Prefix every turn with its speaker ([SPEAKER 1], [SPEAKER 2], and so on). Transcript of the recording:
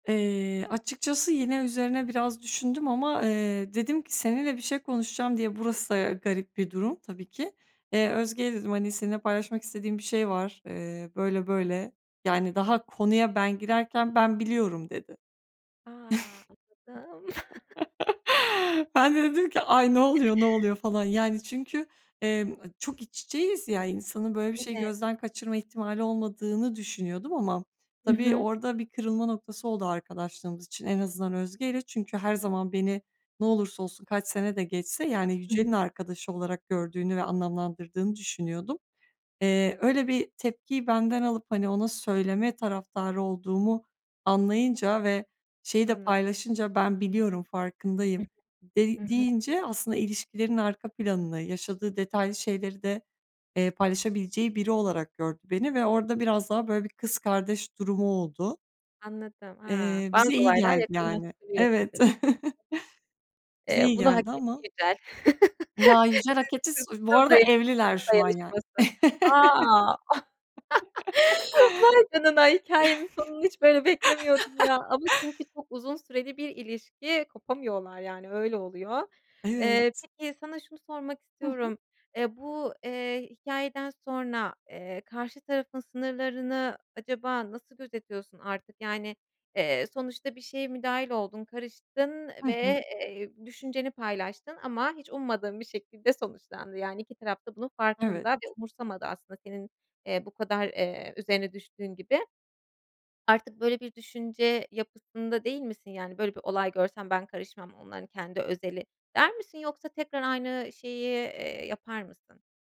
[SPEAKER 1] Eee, açıkçası yine üzerine biraz düşündüm ama, eee, dedim ki: "Seninle bir şey konuşacağım." diye, burası da garip bir durum tabii ki. "E, Özge'ye," dedim, "hani, seninle paylaşmak istediğim bir şey var." Eee, böyle böyle, yani, daha konuya ben girerken, "Ben biliyorum." dedi.
[SPEAKER 2] A, anladım.
[SPEAKER 1] Ben de dedim ki: "Ay, ne oluyor, ne oluyor falan?" Yani, çünkü, eee, çok iç içeyiz ya, insanın böyle bir şeyi
[SPEAKER 2] Evet.
[SPEAKER 1] gözden kaçırma ihtimali olmadığını düşünüyordum ama
[SPEAKER 2] Hı
[SPEAKER 1] tabii
[SPEAKER 2] hı.
[SPEAKER 1] orada bir kırılma noktası oldu arkadaşlığımız için. En azından Özge'yle. Çünkü her zaman beni ne olursa olsun, kaç sene de geçse, yani,
[SPEAKER 2] Hı
[SPEAKER 1] Yücel'in
[SPEAKER 2] hı.
[SPEAKER 1] arkadaşı olarak gördüğünü ve anlamlandırdığını düşünüyordum. Eee, öyle bir tepkiyi benden alıp, hani, ona söyleme taraftarı olduğumu anlayınca ve şeyi de
[SPEAKER 2] Anladım.
[SPEAKER 1] paylaşınca, "Ben biliyorum,
[SPEAKER 2] Hı
[SPEAKER 1] farkındayım."
[SPEAKER 2] hı.
[SPEAKER 1] de
[SPEAKER 2] Hı hı.
[SPEAKER 1] deyince aslında ilişkilerin arka planını, yaşadığı detaylı şeyleri de, eee, paylaşabileceği biri olarak gördü beni ve orada biraz daha böyle bir kız kardeş durumu oldu.
[SPEAKER 2] Anladım. A!
[SPEAKER 1] Eee,
[SPEAKER 2] Bazı
[SPEAKER 1] bize iyi
[SPEAKER 2] olaylar
[SPEAKER 1] geldi, yani.
[SPEAKER 2] yakınlaştırıyor
[SPEAKER 1] Evet.
[SPEAKER 2] sizi.
[SPEAKER 1] Bize
[SPEAKER 2] Eee,
[SPEAKER 1] iyi
[SPEAKER 2] bunu hak
[SPEAKER 1] geldi
[SPEAKER 2] etti
[SPEAKER 1] ama
[SPEAKER 2] Yücel.
[SPEAKER 1] Ya, Yücel. [unintelligible]
[SPEAKER 2] Kı kı
[SPEAKER 1] Bu
[SPEAKER 2] kız
[SPEAKER 1] arada
[SPEAKER 2] daya kadın
[SPEAKER 1] evliler şu an yani.
[SPEAKER 2] dayanışması. A! Vay canına. Hikâyenin sonunu hiç böyle beklemiyordum ya ama çünkü çok uzun süreli bir ilişki, kopamıyorlar, yani, öyle oluyor. Eee,
[SPEAKER 1] Evet.
[SPEAKER 2] peki, sana şunu sormak
[SPEAKER 1] Hı hı.
[SPEAKER 2] istiyorum. Eee, bu, eee, hikâyeden sonra, eee, karşı tarafın sınırlarını acaba nasıl gözetiyorsun? Artık, yani, eee, sonuçta bir şeye müdahil oldun, karıştın
[SPEAKER 1] Hı hı.
[SPEAKER 2] ve, eee, düşünceni paylaştın ama hiç ummadığın bir şekilde sonuçlandı. Yani 2 taraf da bunun
[SPEAKER 1] Evet.
[SPEAKER 2] farkında ve umursamadı aslında senin, eee, bu kadar, eee, üzerine düştüğün gibi. Artık böyle bir düşünce yapısında değil misin? Yani, “Böyle bir olay görsem ben karışmam, onların kendi özeli,” der misin? Yoksa tekrar aynı şeyi, eee, yapar mısın?